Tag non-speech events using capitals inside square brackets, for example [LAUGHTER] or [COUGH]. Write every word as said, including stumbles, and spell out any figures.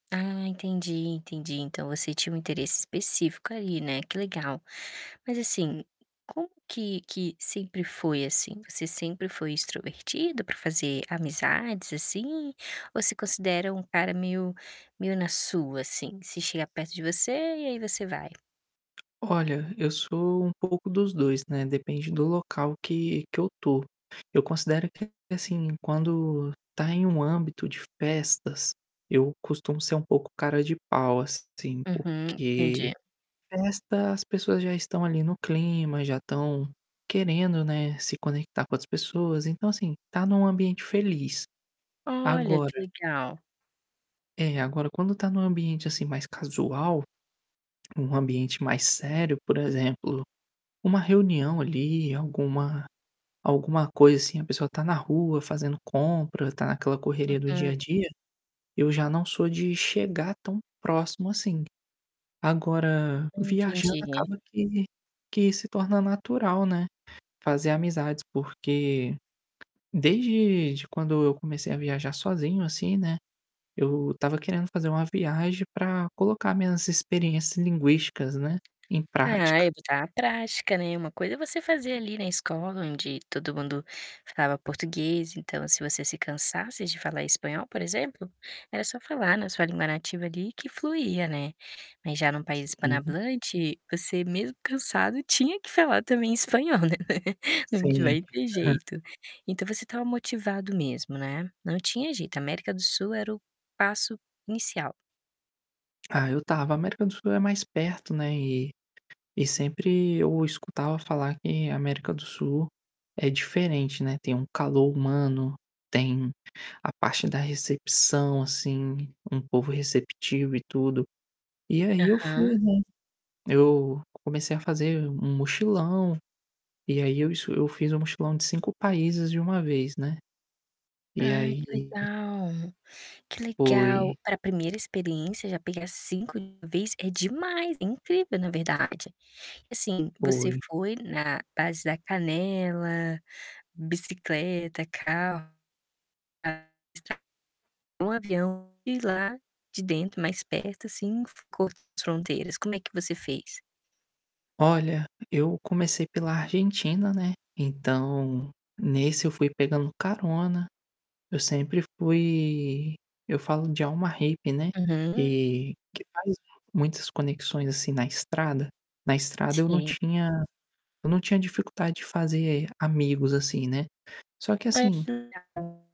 Ah, entendi, entendi. Então, você tinha um interesse específico ali, né, que legal. Mas assim, como que que sempre foi, assim? Você sempre foi extrovertido para fazer amizades, assim, ou se considera um cara meio meio na sua assim, se chegar perto de você e aí você vai? Olha, eu sou um pouco dos dois, né, depende do local que que eu tô. Eu considero que, assim, quando tá em um âmbito de festas, eu costumo ser um pouco cara de pau, assim, Uhum, porque entendi. festa, as pessoas já estão ali no clima, já estão querendo, né, se conectar com as pessoas, então assim, estar num ambiente feliz. Olha, que Agora legal. É. Agora quando tá num ambiente, assim, mais casual, num ambiente mais sério, por exemplo, uma reunião ali, alguma alguma coisa assim, a pessoa está na rua, fazendo compra, está naquela correria do dia Uhum. a dia, eu já não sou de chegar tão próximo assim. Agora, Hum, viajando entendi. acaba que que se torna natural, né, fazer amizades, porque desde de quando eu comecei a viajar sozinho assim, né, eu estava querendo fazer uma viagem pra colocar minhas experiências linguísticas, né, em É, prática. ai que está prática, né, uma coisa é você fazer ali, na escola, onde todo mundo falava português, então se você se cansasse de falar espanhol, por exemplo, era só falar na sua língua nativa ali, que fluía, né. Mas já num país Sim. espano-hablante você mesmo cansado tinha que falar também espanhol, né, não Sim, aham. vai ter jeito. Então você estava motivado mesmo, né, não tinha jeito, América do Sul era o passo inicial? Ah, eu estava. A América do Sul é mais perto, né, e e sempre eu escutava falar que a América do Sul é diferente, né, tem um calor humano, tem a parte da recepção assim, um povo receptivo e tudo. E aí eu fui, Aham. né, eu comecei a fazer um mochilão, e aí eu s eu fiz um mochilão de cinco países de uma vez, né, e Ai, que aí legal! Que legal, Foi. para primeira experiência já pegar cinco de uma vez é demais, é incrível, na verdade. Assim, você Foi. foi na base da canela, bicicleta, carro, [UNINTELLIGIBLE] um avião e lá, de dentro, mais perto assim, onde fica as fronteiras, como é que você fez? Olha, eu comecei pela Argentina, né, então, nesse eu fui pegando carona, eu sempre fui eu falo de alma hippie, né, Uhum. que que faz muitas conexões assim, na estrada. Na estrada eu não Sim. tinha eu não tinha dificuldade de fazer amigos assim, né, só que assim [UNINTELLIGIBLE]